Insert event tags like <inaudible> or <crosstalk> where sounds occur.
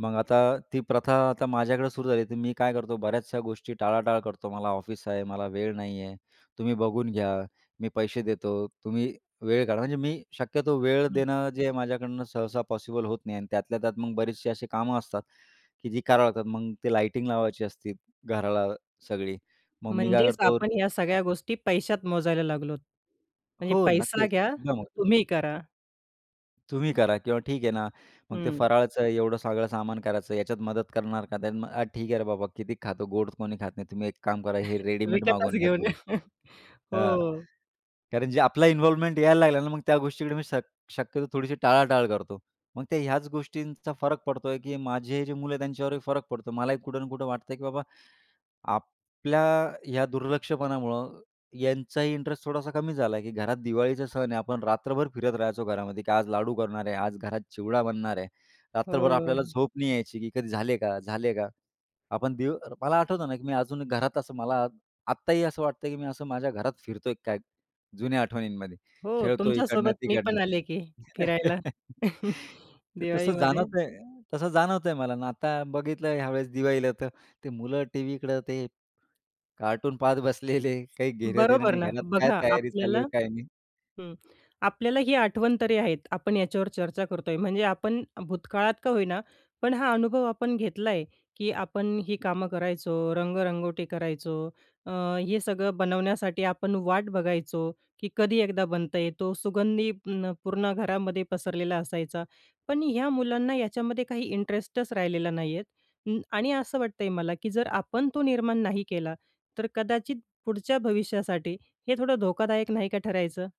मग आता ती प्रथा आता माझ्याकडे सुरू झाली, तर मी काय करतो बऱ्याचशा गोष्टी टाळाटाळ करतो, "मला ऑफिस आहे, मला वेळ नाही आहे, तुम्ही बघून घ्या, मी पैसे देतो, तुम्ही वेळ काढा." म्हणजे मी शक्यतो वेळ हं. देणं जे माझ्याकडनं सहसा पॉसिबल होत नाही अन् त्यातल्या त्यात मग बरेचसे असे कामं असतात, की जी करावं लागतात मग ते लाइटिंग लावायची असते घराला सगळी. मग मी काय म्हणजेच करतो आपण ह्या सगळ्या गोष्टी पैशात मोजायला लागलो. म्हणजे हो, पैसा नक्कीच. घ्या, एकदम ओके. तुम्ही करा. तुम्ही करा. किंवा ठीक आहे ना, मग ते हं. फराळचं एवढं सगळं सामान करायचं याच्यात मदत करणार का मग अ, "ठीक आहे रे बाबा, किती खातो गोड कोणी खात नाही, तुम्ही एक काम करा हे <chuckles> रेडीमेड विकतच मागवून घ्या घेऊन या. थोडे." <chuckles> हं, हो. कारण जे आपला इन्व्हॉल्वमेंट यायला लागला ना, मग त्या गोष्टीकडे मी शक् शक्यतो थोडीशी टाळाटाळ करतो. मग ते ह्याच गोष्टींचा फरक पडतोय की माझे जे मुलं आहेत, त्यांच्यावरही फरक पडतो मलाही कुठं ना कुठं वाटतं की बाबा आपल्या ह्या दुर्लक्षपणामुळं यांचाही इंटरेस्ट थोडासा कमी झाला आहे, की घरात दिवाळीचा सण आहे आपण रात्रभर फिरत राहायचो घरामध्ये, की आज लाडू करणार आहे, आज घरात चिवडा बनणार आहे. रात्रभर आपल्याला हो. झोप नाही यायची, की "कधी झाले का? झाले का?" आपण दीव मला आठवतं ना, की मी अजून घरात असं मला आत्ताही असं वाटत की मी असं माझ्या घरात फिरतोय काय? जुन्या आठवणींमध्ये हो, खेळतो तुमच्यासोबत मी इकडनं-तिकडनं. पण आले की फिरायला, <chuckles> <chuckles> तर तसं दिवाळीमध्ये. जाणवतंय तसं जाणवतंय मला ना. आता बघितलं ह्यावेळेस दिवाळीला तर ते मुलं टीव्हीकडं ते, कार्टून पाहत बसलेले काही घेणं-देणं बरोबर नाही, ना. घरात काय बघा, तयारी चालू आपल्याला आहे काय नाही. हं. आपल्याला ही आठवण तरी आहेत, आपण याच्यावर चर्चा करतोय. म्हणजे आपण भूतकाळात का होईना, पण हा अनुभव आपण घेतला आहे, की आपण ही कामं करायचो, रंगरंगोटी करायचो अ, हे सगळं बनवण्यासाठी आपण वाट बघायचो, की कधी एकदा बनता येतो सुगंधी अ, पूर्ण घरामध्ये पसरलेला असायचा. पण ह्या मुलांना याच्यामध्ये काही इंटरेस्टच राहिलेला नाही आहेत. अं, आणि असं वाटतंय मला की जर आपण तो निर्माण नाही केला, तर कदाचित पुढच्या भविष्यासाठी हे थोडं धोकादायक नाही का ठरायचं?